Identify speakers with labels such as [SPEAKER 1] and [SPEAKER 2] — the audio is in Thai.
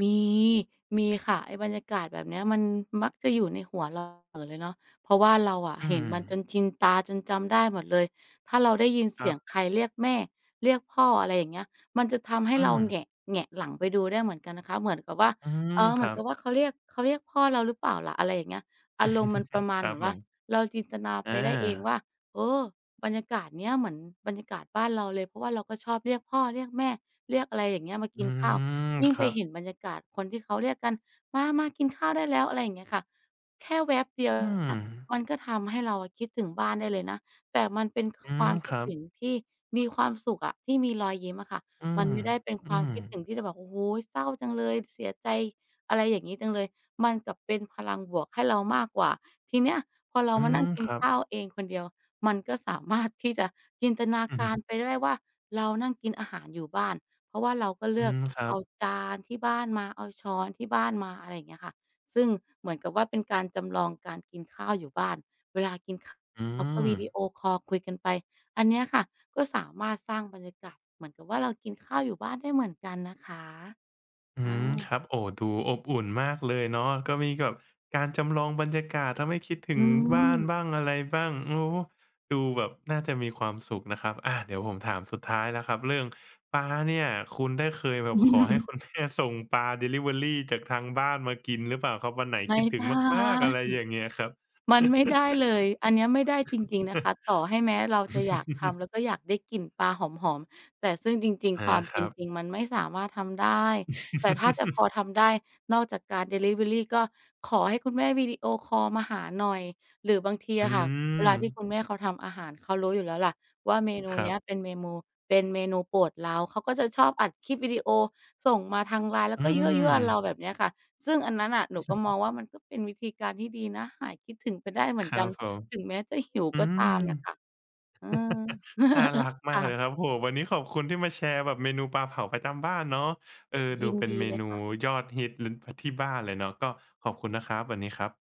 [SPEAKER 1] มี มีค่ะ ไอ้บรรยากาศแบบเนี้ย มันมักจะอยู่ ในหัวเรา เอิ่น เลยเนาะ เพราะว่าเราอะ
[SPEAKER 2] อ
[SPEAKER 1] เ
[SPEAKER 2] ื
[SPEAKER 1] ห็นมันจ
[SPEAKER 2] ม
[SPEAKER 1] นชินตาจนจำ ได้หมดเลย ถ้าเราได้ยิน
[SPEAKER 2] ค
[SPEAKER 1] เส
[SPEAKER 2] ร
[SPEAKER 1] ี
[SPEAKER 2] ั
[SPEAKER 1] ยง
[SPEAKER 2] บ
[SPEAKER 1] ใครเรียกแม่ เรียกพ่อ อะไรอย่างเงี้ย มันจะทำให้
[SPEAKER 2] อื
[SPEAKER 1] เรา
[SPEAKER 2] ม
[SPEAKER 1] แหงะ แหงะหลังไปดูได้เหมือนกันนะคะ เหมือนกับว่า
[SPEAKER 2] อืม
[SPEAKER 1] เอ่อ เ
[SPEAKER 2] ค
[SPEAKER 1] หม
[SPEAKER 2] ร
[SPEAKER 1] ื
[SPEAKER 2] ั
[SPEAKER 1] อนก
[SPEAKER 2] บ
[SPEAKER 1] ับว่าเขาเรียก เขาเรียกพ่อเราหรือเปล่าล่ะ อะไรอย่างเงี้ย อารมณ์มันประมา
[SPEAKER 2] ค
[SPEAKER 1] ณ
[SPEAKER 2] ร
[SPEAKER 1] เ
[SPEAKER 2] ั
[SPEAKER 1] หม
[SPEAKER 2] บ
[SPEAKER 1] ือน
[SPEAKER 2] ผ
[SPEAKER 1] ว่า
[SPEAKER 2] ม
[SPEAKER 1] เราจินตนา
[SPEAKER 2] อ
[SPEAKER 1] ไปได้เอง
[SPEAKER 2] า
[SPEAKER 1] ว่า เออ บรรยากาศเนี้ยเหมือนบรรยากาศบ้านเราเลย เพราะว่าเราก็ชอบเรียกพ่อ เรียกแม่ เรียกอะไรอย่างเงี้ย มา
[SPEAKER 2] อ
[SPEAKER 1] ก
[SPEAKER 2] ื
[SPEAKER 1] ินข้าว
[SPEAKER 2] ม
[SPEAKER 1] ยิ่ง
[SPEAKER 2] ค
[SPEAKER 1] ไ
[SPEAKER 2] ร
[SPEAKER 1] ป
[SPEAKER 2] ั
[SPEAKER 1] เ
[SPEAKER 2] บ
[SPEAKER 1] ห็นบรรยากาศคนที่เขาเรียกกัน "มา ๆ กินข้าวได้แล้ว" อะไรอย่างเงี้ยค่ะ แค่แว็บเดียว
[SPEAKER 2] อื
[SPEAKER 1] อะ
[SPEAKER 2] ม
[SPEAKER 1] มันก็ทำให้เราคิดถึงบ้านได้เลยนะ แต่มันเป็น
[SPEAKER 2] อื
[SPEAKER 1] คว
[SPEAKER 2] ม
[SPEAKER 1] ามค
[SPEAKER 2] ค
[SPEAKER 1] ิด
[SPEAKER 2] รั
[SPEAKER 1] ถ
[SPEAKER 2] บ
[SPEAKER 1] ึงที่มีความสุขอะ ที่มี รอยยิ้มอะค่ะ
[SPEAKER 2] อื
[SPEAKER 1] มั
[SPEAKER 2] ม
[SPEAKER 1] น ไม่ได้เป็น
[SPEAKER 2] อื
[SPEAKER 1] ความ
[SPEAKER 2] ม
[SPEAKER 1] คิดถึงที่จะแบบ โอ้โฮ เศร้าจังเลย เสียใจ อะไรอย่างงี้จังเลย มันกลับเป็นพลังบวกให้เรามากกว่า ทีเนี้ยพอเรา
[SPEAKER 2] อื
[SPEAKER 1] มานั
[SPEAKER 2] ม
[SPEAKER 1] ่งกิ
[SPEAKER 2] ค
[SPEAKER 1] น
[SPEAKER 2] รับ
[SPEAKER 1] ข้าวเองคน เดียว มันก็ สามารถ ที่จะจินตนา
[SPEAKER 2] อือ
[SPEAKER 1] ก
[SPEAKER 2] ฮึ
[SPEAKER 1] าร ไปได้ว่าเรานั่งกินอาหารอยู่บ้าน เพราะว่าเราก็
[SPEAKER 2] อ
[SPEAKER 1] เ
[SPEAKER 2] ื
[SPEAKER 1] ลือ
[SPEAKER 2] ม
[SPEAKER 1] ก
[SPEAKER 2] ครั
[SPEAKER 1] เอ
[SPEAKER 2] บ
[SPEAKER 1] าจานที่บ้านมา เอาช้อนที่บ้านมา อะไรอย่างเงี้ยค่ะ ซึ่งเหมือนกับว่าเป็นการจำลองการกินข้าวอยู่บ้าน เวลากิน ข
[SPEAKER 2] อื
[SPEAKER 1] เราก็วิดี
[SPEAKER 2] ม
[SPEAKER 1] โอคอลคุยกันไป อันเนี้ยค่ะก็สามารถสร้างบรรยากาศเหมือนกับว่าเรากินข้าวอยู่บ้านได้เหมือนกันนะคะ
[SPEAKER 2] อื
[SPEAKER 1] อ
[SPEAKER 2] ม
[SPEAKER 1] า
[SPEAKER 2] ครับ โอ้ ดูอบอุ่นมากเลยเนาะ ก็มีกับการจำลองบรรยากาศ ทำให้คิดถึ
[SPEAKER 1] อื
[SPEAKER 2] งบ้าน
[SPEAKER 1] ม
[SPEAKER 2] บ้าง อะไรบ้าง โอ้ ดูแบบน่าจะมีความสุขนะครับ อ่า เดี๋ยวผมถามสุดท้ายแล้วครับ เรื่องปลาเนี่ย คุณได้เคยแบบขอให้คุณ แม่ ส่งปลาดิลิเวอรีจากทางบ้านมากินหรือเปล่าครับ? วันไหน
[SPEAKER 1] ไม
[SPEAKER 2] ค
[SPEAKER 1] ่
[SPEAKER 2] ิดถึ
[SPEAKER 1] ได
[SPEAKER 2] ง
[SPEAKER 1] ้
[SPEAKER 2] มาก ๆ อะไรอย่างเงี้ยครับ
[SPEAKER 1] มันไม่ได้เลย อันเนี้ยไม่ได้จริง ๆ นะคะ ต่อให้แม้เราจะ อยากทำ แล้วก็อยากได้กลิ่นปลาหอม ๆ แต่ซึ่งจริง
[SPEAKER 2] อา
[SPEAKER 1] ๆ ความ
[SPEAKER 2] ค
[SPEAKER 1] เป
[SPEAKER 2] ร
[SPEAKER 1] ็
[SPEAKER 2] ั
[SPEAKER 1] น
[SPEAKER 2] บ
[SPEAKER 1] จริงมันไม่สามารถทำได้ แต่ถ้าจะพอทำได้นอกจากการดิลิเวอรี ก็ขอให้คุณแม่วิดีโอคอลมาหาหน่อย หรือบางที
[SPEAKER 2] อื
[SPEAKER 1] อะค่ะ เวลาที่
[SPEAKER 2] ม
[SPEAKER 1] คุณแม่เขาทำอาหาร เขารู้อยู่แล้วแหละว่า เมนู
[SPEAKER 2] คร
[SPEAKER 1] เ
[SPEAKER 2] ั
[SPEAKER 1] นี
[SPEAKER 2] บ
[SPEAKER 1] ้ยเป็นเมมู เป็นเมนูโปรดเรา เขาก็จะชอบอัดคลิปวิดีโอส่งมาทาง LINE แล้
[SPEAKER 2] อื
[SPEAKER 1] วก็ ยั่ว ๆ เรา
[SPEAKER 2] ม
[SPEAKER 1] แบบเนี้ยค่ะ ซึ่งอันนั้นน่ะหนูก็มองว่ามันก็เป็นวิธีการที่ดีนะ หายคิดถึงไปได้เห
[SPEAKER 2] ค
[SPEAKER 1] มือน
[SPEAKER 2] รั
[SPEAKER 1] กัน
[SPEAKER 2] บผม
[SPEAKER 1] ถึงแม้จะหิว
[SPEAKER 2] อื
[SPEAKER 1] ก็ต
[SPEAKER 2] ม
[SPEAKER 1] ามน่ะค่ะ อืม
[SPEAKER 2] น่ารัก
[SPEAKER 1] ค
[SPEAKER 2] มาก
[SPEAKER 1] ่
[SPEAKER 2] เลย
[SPEAKER 1] ะ
[SPEAKER 2] ครับ โอ้โฮ วันนี้ขอบคุณที่มาแชร์แบบเมนูปลาเผาประจำบ้านเนาะ เอ่อ
[SPEAKER 1] ย
[SPEAKER 2] ดู
[SPEAKER 1] ิน
[SPEAKER 2] เป็น
[SPEAKER 1] ดี
[SPEAKER 2] เม
[SPEAKER 1] เลย
[SPEAKER 2] นู
[SPEAKER 1] ค่ะ
[SPEAKER 2] ยอดฮิต ล ที่บ้านเลยเนาะ ก็ขอบคุณนะครับ วันนี้ครับ